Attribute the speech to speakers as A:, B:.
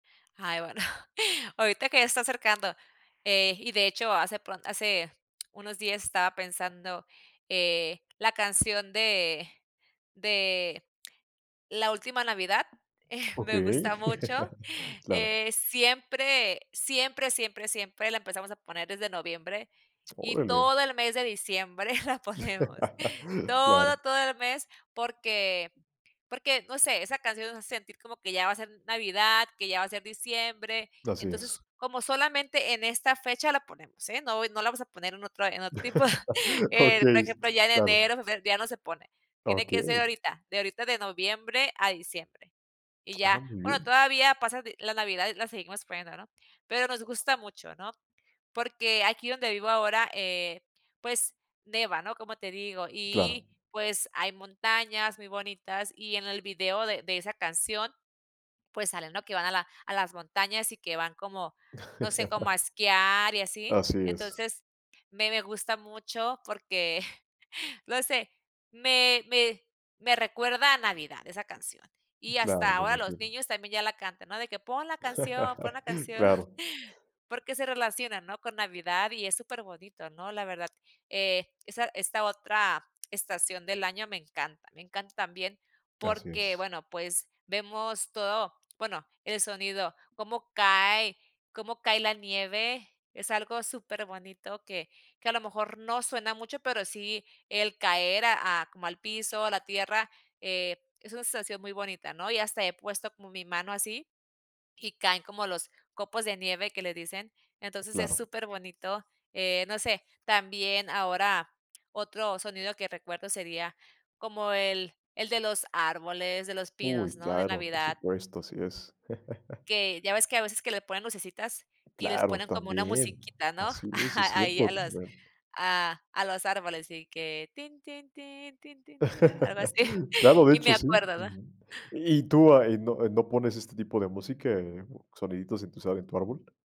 A: Ay, bueno. Ahorita que ya está acercando, eh, y de hecho hace pron hace unos días estaba pensando, eh, la canción de de la última navidad, eh, me gusta
B: Okey,
A: mucho,
B: claro.
A: eh, siempre, siempre, siempre, siempre, la empezamos a poner desde noviembre, y
B: Órale.
A: todo el mes de diciembre la ponemos
B: Claro.
A: todo, todo el mes. Porque porque, no sé, esa canción nos hace sentir como que ya va a ser navidad, que ya va a ser diciembre.
B: Así es.
A: Entonces, como solamente, en esta fecha la ponemos, ¿eh?, no no la vamos a poner en otra en otro tipo. Eh,
B: Okey,
A: por
B: s
A: ejemplo, ya en
B: Claro.
A: enero, ya no se pone.
B: Ah,
A: Tiene que ser
B: okey.
A: ahorita, de ahorita de noviembre a diciembre. Y
B: Ah,
A: ya,
B: muy
A: bueno,
B: bien.
A: todavía pasa, la Navidad y la seguimos poniendo, ¿no? Pero nos gusta mucho, ¿no? Porque aquí donde vivo ahora, eh, pues, nieva, ¿no? Como te digo,
B: Claro.
A: y, pues, hay montañas muy bonitas, y en el video de de esa canción, pues, salen, ¿no? Que van a la a las montañas, y que van como, no sé, como a esquiar y así.
B: Así es.
A: Entonces, me me gusta mucho porque, no sé, me me me recuerda a Navidad esa canción. Y
B: Claro,
A: hasta
B: lo
A: ahora los
B: imagino.
A: niños también, ya la cantan, ¿no? De que: "Pon la canción, pon la canción",
B: Claro.
A: porque, se relacionan, ¿no? Con navidad, y es super bonito, ¿no? La verdad, eh, esa esta otra estación del año, me encanta, me encanta también,
B: Así
A: porque,
B: es.
A: bueno, pues, vemos todo bueno, el sonido, cómo cae cómo cae la nieve, es algo super bonito que que a lo mejor, no suena mucho, pero sí el caer, a a como al piso, a la tierra, eh, es una sensación muy bonita, ¿no? Y hasta he puesto como mi mano así, y caen como los copos de nieve, que le dicen. Entonces, es
B: Claro.
A: super bonito, eh, no sé, también, ahora otro sonido que recuerdo sería como el el de los árboles, de los pinos,
B: Uy,
A: ¿no? De
B: claro, por
A: navidad
B: supuesto, así, es.
A: que, ya ves que, a veces que le ponen lucecitas, y les
B: Claro
A: ponen como una
B: también,
A: musiquita, ¿no?
B: así es, es
A: Ahí, a
B: cierto
A: los
B: también.
A: a a los árboles, y que tin, tin, tin, tin, tin, tin ¿no? Algo así.
B: Claro, de
A: Y me
B: hecho, sí.
A: acuerdo, ¿no?
B: Ujú, ¿y tú ahí, no eh, no pones este tipo de música, soniditos en tu sala, en tu árbol?